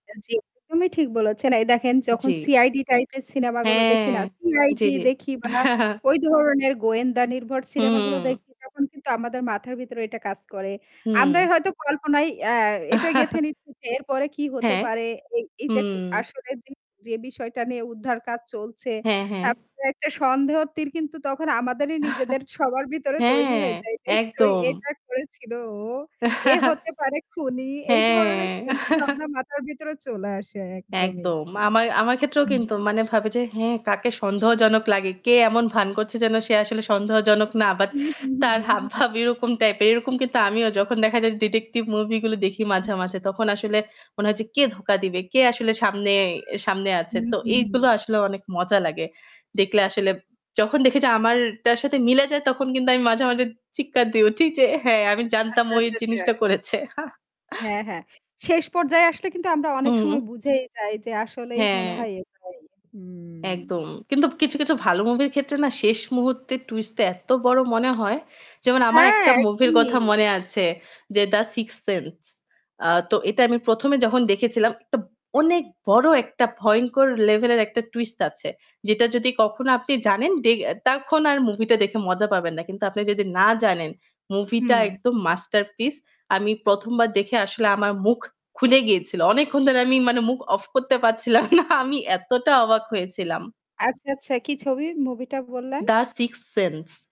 জি, একদমই ঠিক বলেছেন এই দেখেন যখন জি। সিআইডি টাইপের সিনেমাগুলো দেখি হ্যাঁ, না জি, সিআইডি জি। দেখি বা ওই ধরনের গোয়েন্দা নির্ভর সিনেমাগুলো হুম। দেখি তখন কিন্তু আমাদের মাথার ভিতরে এটা কাজ করে। হুম। আমরাই হয়তো কল্পনায় আ এটা গেঁথে নিচ্ছি যে এরপরে কী হতে হ্যাঁ। পারে, এই এইটা ক হুম। আসলে যে, যে, বিষয়টা নিয়ে উদ্ধার কাজ চলছে। হ্যাঁ, হ্যাঁ। তারপরও একটা সন্দেহ তীর কিন্তু তখন আমাদেরই নিজেদের সবার ভেতরে তৈরি হ্যাঁ, হয়ে যায়। যেহেতু একদম। এটা করেছিল ও। এ হতে পারে খুনি এই ধরনের হ্যাঁ। চিন্তাভাবনা মাথার ভিতরে চলে আসে একদমই। একদম। আমার আমার ক্ষেত্রেও হুম। কিন্তু মানে ভাবে যে হ্যাঁ কাকে সন্দেহজনক লাগে। কে এমন ভান করছে যেন সে আসলে সন্দেহজনক না। বাট উহু, হু, হু, তার হুম। হাবভাব এরকম টাইপ এর এরকম কিন্তু আমিও যখন দেখা যায় ডিটেকটিভ মুভি গুলো দেখি মাঝে, মাঝে তখন আসলে মনে হয় যে কে ধোঁকা দিবে? কে আসলে সামনে সামনে আছে। হুম, তো হুম, হুম। এইগুলো আসলে অনেক মজা লাগে। দেখলে আসলে যখন দেখি যে আমারটার সাথে মিলে যায় তখন কিন্তু আমি মাঝে, মাঝে, চিৎকার দিয়ে উঠি যে হ্যাঁ আমি জানতাম আচ্ছা, ও এই আচ্ছা, আচ্ছা। জিনিসটা করেছে। হ্যাঁ, হ্যাঁ। শেষ পর্যায়ে আসলে কিন্তু আমরা অনেক হুম। সময় বুঝেই যাই যে আসলেই মনে হ্যাঁ। হয় এটাই। হুম। একদম। কিন্তু কিছু, কিছু ভালো মুভির ক্ষেত্রে না শেষ মুহূর্তের টুইস্টটা এত বড় মনে হয়, যেমন আমার হ্যাঁ একটা মুভির কথা একদমই। মনে আছে যে 'দা সিক্সথ সেন্স' আ তো এটা আমি ১ম এ যখন দেখেছিলাম একটা অনেক বড় একটা ভয়ংকর লেভেল এর একটা টুইস্ট আছে। যেটা যদি কখনো আপনি জানেন দে তখন আর মুভিটা দেখে মজা পাবেন না। কিন্তু আপনি যদি না জানেন মুভিটা হুম। একদম মাস্টারপিস। আমি ১ম বার দেখে আসলে আমার মুখ খুলে গিয়েছিল। অনেকক্ষণ ধরে আমি মানে মুখ অফ করতে পারছিলাম না। আমি এতটা অবাক হয়েছিলাম। আচ্ছা, আচ্ছা, কি ছবি মুভি টা বললেন? 'The sixth sense'